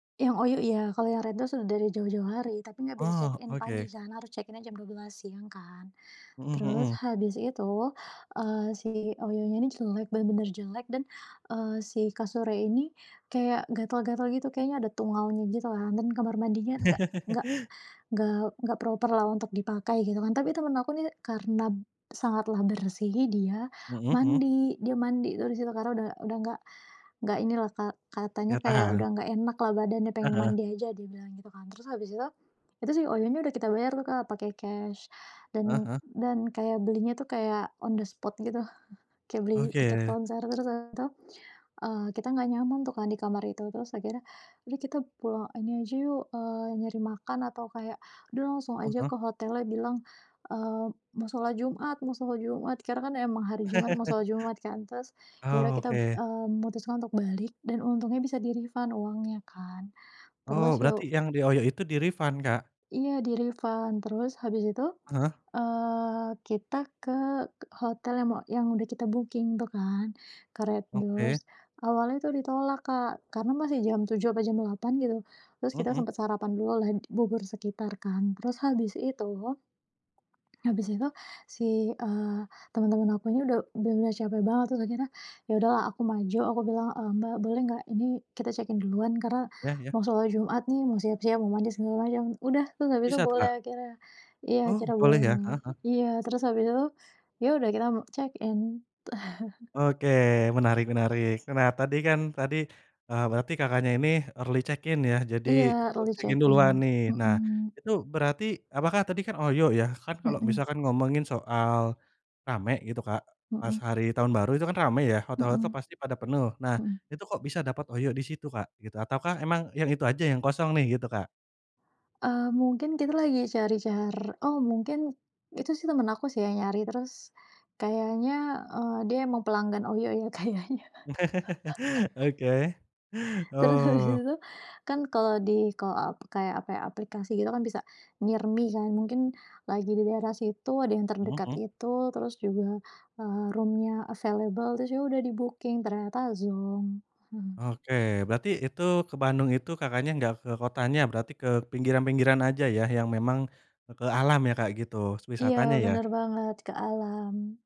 Yang OYO ya, kalau yang RedDoorz sudah dari jauh-jauh hari, tapi enggak bisa Oh check-in pagi oke. kan, harus check-in aja jam 12.00 siang kan. Mmm Terus mhm. habis itu, eee, si OYO-nya ini jelek, bener-bener jelek, dan, eee, si kasurnya ini kayak gatal-gatal gitu, kayaknya ada tungaunya gitu lah dan kamar mandinya enggak enggak enggak enggak proper-lah untuk dipakai gitu kan. Tapi temen aku nih karena sangatlah bersih dia Mhm mhm. mandi dia mandi tuh di situ. Karena udah udah enggak enggak inilah katanya Enggak kayak, tahan. udah enggak enak lah badannya pengen Heeh. mandi aja dia bilang gitu kan. Terus habis itu, itu sih OYO-nya udah kita bayar tuh Kak, pake cash Heeh dan heeh. dan kayak belinya itu kayak on the spot gitu, kayak beli tiket Oke. konser. Terus abis itu, eee, kita enggak nyaman tuh kan di kamar itu, terus akhirnya, udah kita pulang, ini aja yuk, eee, nyari makan atau kayak, udah langsung Heeh aja heeh. ke hotelnya bilang, eee, mau sholat Jumat, mau sholat Jumat. Karena kan emang hari Jumat, mau sholat Jumat kan terus ya udah kita, Oke. eee, memutuskan untuk balik dan untungnya bisa di refund uangnya kan. Oh Terus ya berarti u yang di OYO itu di-refund, Kak? Iya di-refund. Terus habis itu, Heeh. eee, kita ke hotel yang mo yang udah kita booking tuh kan ke RedDoorz Oke. awalnya tuh ditolak, Kak, karena masih jam 7.00 apa jam 8 gitu. Terus Mhm kita mhm. sempet sarapan dulu lah bubur sekitar kan terus habis itu habis itu si, eee, temen-temen aku ini udah udah enggak capek banget terus akhirnya, ya udahlah aku maju, aku bilang, "Eee, Mbak boleh nggak ini kita check-in duluan, karena Ya ya. mau sholat Jumat nih, mau siap-siap, mau mandi segala macem," udah, terus habis itu Bisa tuh, boleh Kak? akhirnya. Iya Oh akhirnya boleh boleh. ya? Heeh heeh. Iya, terus habis itu, ya udah kita me check-in. Oke menarik menarik. Nah, tadi kan tadi, eee, berarti Kakaknya ini early check-in ya jadi, Iya eb early check-in check-in, duluan nih. Nah, mhm. itu berarti apakah, tadi kan OYO ya kan kalau Mhm. misalkan ngomongin soal rame gitu, Kak, pas Mhm. hari tahun baru itu kan rame ya, hotel-hotel Mhm. pasti pada penuh. Nah, Mhm. itu kok bisa dapet OYO di situ, Kak, gitu ataukah emang yang itu aja yang kosong nih gitu, Kak? Eee, mungkin kita lagi cari-car oh mungkin itu sih temen aku sih nyari terus kayaknya, eee, dia emang pelanggan OYO, ya kayaknya. Oke, Terus habis oh. itu tuh, kan kalau di kalau ap kayak apa ya, aplikasi gitu kan bisa near me kan mungkin lagi di daerah situ ada yang Mhm terdekat mhm. itu, terus juga eee, room-nya available itu juga udah di-booking ternyata zonk, mhm. Oke berarti itu ke Bandung itu, Kakaknya, enggak ke kotanya berarti ke pinggiran-pinggiran aja ya yang memang ke alam ya kayak gitu, Iya wisatanya ya? bener banget ke alam